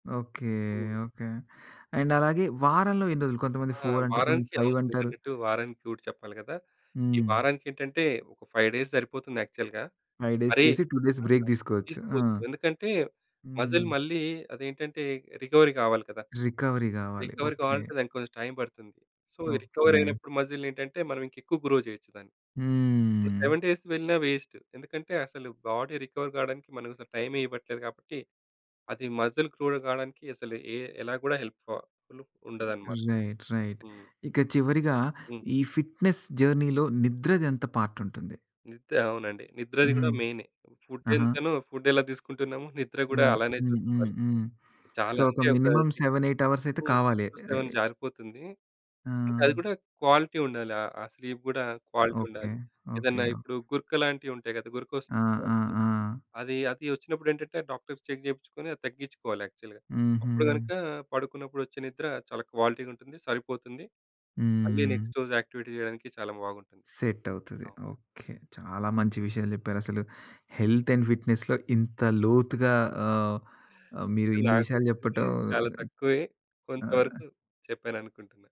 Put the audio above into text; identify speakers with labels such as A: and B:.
A: Okay,
B: హ్మ్.
A: Okay. And అలాగే వారంలో ఎన్ని రోజులు? కొంతమంది
B: ఆ!
A: ఫోరంటారు. కొంతమంది
B: వారానికి అవును.
A: ఫైవంటారు.
B: మీరన్నట్టు వారానికి రూట్ చెప్పాలి గదా! ఈ
A: హ్మ్.
B: వారానికికేంటంటే ఒక 5 డేస్ సరిపోతుంది యాక్చువల్‌గా.
A: 5 డేస్
B: మరి
A: చేసి, 2 డేస్
B: ఆ!
A: బ్రేక్ దీసుకోవచ్చు. ఆ!
B: తీసుకోదు. ఎందుకంటే మజిల్
A: హ్మ్.
B: మళ్ళీ అదేంటంటే రికవరీ గావాలి గదా!
A: రికవరీ గావాలి.
B: Recovery
A: okay.
B: కావాలంటే దానికి కొంచెం టైం పడుతుంది. సో ఈ రికవర్
A: ఓకే.
B: అయినప్పుడు మజిల్ నేంటంటే మనం ఇంకా ఎక్కువ గ్రో చేయొచ్చు దాన్ని. ఇప్పుడు
A: హ్మ్.
B: 7 డేస్‌కి వెళ్ళిన వేస్ట్. ఎందుకంటే అసలు బాడీ రికవరీ కావడానికి మనం అసలు టైమే ఇవ్వట్లేదు కాబట్టి అది మసిల్ క్రూడ్ కావడానికి అసలు ఎ ఎలా కూడా హెల్ప్ పా ఫుల్ ఉండదన్నమాట.
A: Right, right.
B: హ్మ్.
A: ఇక చివరిగా
B: హ్మ్.
A: ఈ ఫిట్‌నెస్ జర్నీలో నిద్రదెంత పార్ట్ ఉంటుంది?
B: నిద్ర అవునండి. నిద్రది
A: హుహు.
B: గూడా మెయినే. ఫుడ్
A: అహా!
B: ఎంతనో, ఫుడ్ ఎలా తీసుకుంటున్నామో, నిద్ర గూడా
A: హ్మ్.
B: అలానే చూసుకోవాలి.
A: హుహుహు. సో
B: చాలా
A: ఒక
B: అంటే ఒక
A: మినిమమ్
B: 6
A: 7, 8 హవర్స్ అయితే
B: హ్మ్.
A: కావాలి.
B: 6,7
A: అయి
B: జారిపోతుంది. అంటే అది
A: ఆ!
B: గూడా క్వాలిటీ ఉండాలి. ఆహ్, ఆ స్లీప్ గూడా క్వాలిటీ
A: ఓకే.
B: ఉండాలి.
A: ఓకే.
B: ఏదన్నా
A: ఓహ్!
B: ఇప్పుడు గురక లాంటివుంటాయి గదా! గురక వస్తున్న
A: ఆ! ఆ!
B: వాళ్ళకి,
A: ఆ!
B: అది అది వచ్చినప్పుడేంటంటే డాక్టర్స్‌కి చెక్ జేపిచుకొని అది తగ్గిచుకోవాలి యాక్చువల్‌గా. అప్పుడు కనుక
A: హుహు.
B: పడుకున్నప్పుడు వచ్చే నిద్ర చాలా క్వాలిటీగుంటుంది. సరిపోతుంది. మళ్ళీ
A: హ్మ్.
B: నెక్స్ట్ రోజు యాక్టివిటీ జేయడానికి చాలా బాగుంటుంది.
A: సెట్ అవుతది.
B: అవును.
A: ఓకే. చాలా మంచి విషయాలు జెప్పారసలు. హెల్త్ అండ్ ఫిట్‌నెస్‌లో ఇంత లోతుగా ఆహ్, ఆ మీరు ఇన్ని
B: నాకు
A: విషయాలు
B: తెలిసింది
A: చెప్పటం
B: చాలా తక్కువే.
A: అహ్
B: కొంతవరకు చెప్పాననుకుంటున్నా.